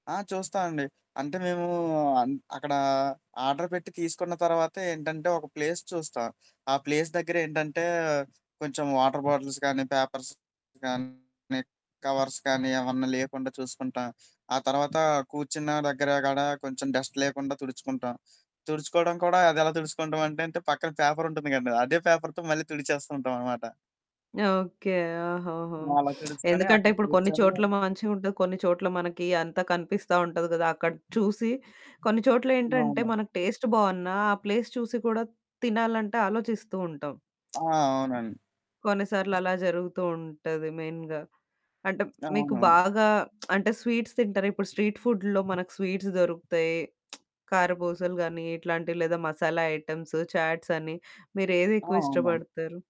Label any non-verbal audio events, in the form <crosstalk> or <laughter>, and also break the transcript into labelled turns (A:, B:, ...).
A: ఆ! చూస్తా అండి. అంటే మేము అన్ అక్కడ ఆర్డర్ పెట్టి తీసుకున్న తర్వాతేంటంటే ఒక ప్లేస్ చూస్తా. ఆ ప్లేస్ దగ్గర ఏంటంటే, కొంచెం వాటర్ బాటిల్స్ గానీ, పేపర్స్ కానీ, కవర్స్ కానీ ఏవన్నా లేకుండా చూసుకుంటా. ఆ తర్వాత కూర్చున్న దగ్గర కాడా కొంచెం డస్ట్ లేకుండా తుడుచుకుంటా. తుడుచుకోవడం కూడా అది ఎలా తుడుచుకుంటామంటే అంటే పక్కన పేపరుంటుంది కదండీ! అదే పేపర్‌తో మళ్ళీ తుడిచేస్తూ ఉంటాం అనమాట.
B: ఓకే. ఓహోహో!
A: అలా
B: <sniffs> <smacks lips>
A: తెలుసుకొని,
B: ఎందుకంటే
A: అక్కడ
B: ఇప్పుడు కొన్ని
A: కూర్చొని
B: చోట్ల మ మంచిగా ఉంటది, కొన్ని చోట్ల మనకి అంతా కనిపిస్తా ఉంటది కదా! అక్కడ చూసి కొన్ని చోట్ల ఏంటంటే,
A: అవును.
B: మనకు టేస్ట్ బావున్నా, ఆ ప్లేస్ చూసి కూడా తినాలంటే ఆలోచిస్తూ ఉంటాం.
A: ఆ!
B: <smacks lips>
A: అవునండి.
B: కొన్ని సార్లు అలా జరుగుతూ ఉంటది మెయిన్‌గా. అంటే మీకు
A: అవును.
B: బాగా <smacks lips> అంటే స్వీట్స్ తింటారా? ఇప్పుడు స్ట్రీట్ ఫుడ్‌లో మనకు స్వీట్స్ దొరుకుతాయి, <smacks lips> కారపూసలు గానీ, ఇట్లాంటివి లేదా మసాలా ఐటెమ్సు, చాట్స్ అని మీరు ఏది
A: ఆ!
B: ఎక్కువ
A: అవునండి.
B: ఇష్టపడతారు?